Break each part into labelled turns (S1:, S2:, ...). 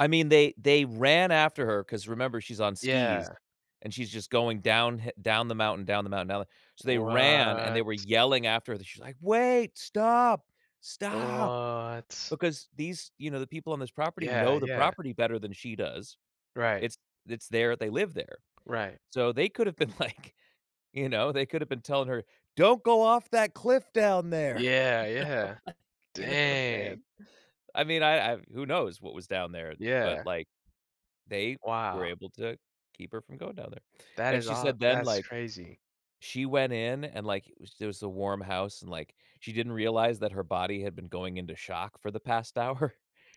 S1: I mean, they they ran after her 'cause remember, she's on skis
S2: Yeah.
S1: and she's just going downhi down the mountain, down the mountain, down so they ran, and they
S2: What?
S1: were yelling after her, she's iike, "Wait, stop, stop!"
S2: What?
S1: Because these you know, the people on this property
S2: Yeah,
S1: know the
S2: yeah.
S1: property better than she does.
S2: Right.
S1: It's it's their they live there.
S2: Right.
S1: So they could have been, like, you know, they could have been telling her, "Don't go off that cliff down there,"
S2: Yeah, yeah,
S1: like, you know what I'm
S2: dang.
S1: saying? I mean, I I who knows what was down there, but,
S2: Yeah.
S1: like, they were
S2: Wow.
S1: able to keep her from going down there.
S2: That
S1: And
S2: is
S1: she
S2: aw
S1: said then,
S2: that's
S1: like,
S2: crazy.
S1: she went in, and, like, it was it was a warm house, and, like, she didn't realize that her body had been going into shock for the past hour.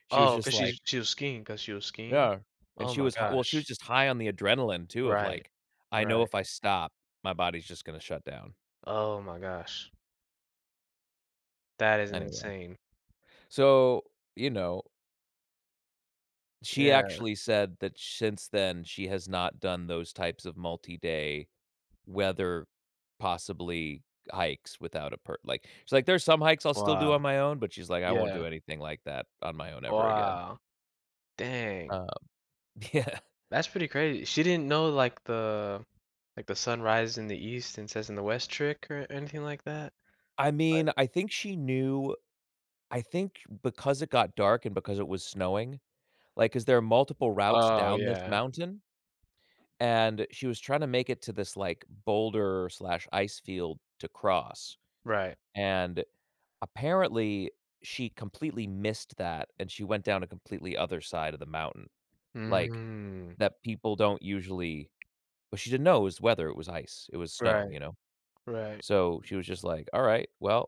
S1: She was
S2: Oh, 'cause
S1: just, like
S2: she's she was skiing 'cause she was skiing?
S1: Yeah, and
S2: Oh
S1: she
S2: my
S1: was hi well, she was
S2: gosh.
S1: just high on the adrenaline too, of,
S2: Right,
S1: like, "I know
S2: right.
S1: if I stop, my body's just gonna shut down."
S2: Oh my gosh. That is
S1: Anyway.
S2: insane.
S1: So, you know she
S2: Yeah.
S1: actually said that sh ince then, she has not done those types of multi-day weather, possibly hikes without a par like she's like, "There's some hikes I'll still do
S2: Wow.
S1: on my own, but she's, like, I won't do
S2: Yeah.
S1: anything like that on my own ever again."
S2: Wow. Dang.
S1: Um, yeah.
S2: That's pretty crazy. She didn't know, like, the like, the sun rises in the east and sets in the west trick or anything like that,
S1: I
S2: like
S1: mean, I think she knew I think, because it got dark and because it was snowing, like, 'cause there are multiple routes
S2: Oh,
S1: down this
S2: yeah.
S1: mountain, and she was trying to make it to this, like, boulder/ice field to cross,
S2: Right.
S1: and apparently she completely missed that, and she went down a completely other side of the mountain, like,
S2: Mm.
S1: that people don't usually but she didn't know it was weather, it was ice, it was snow,
S2: Right,
S1: you know?
S2: right.
S1: So she was just, like, "Alright, well"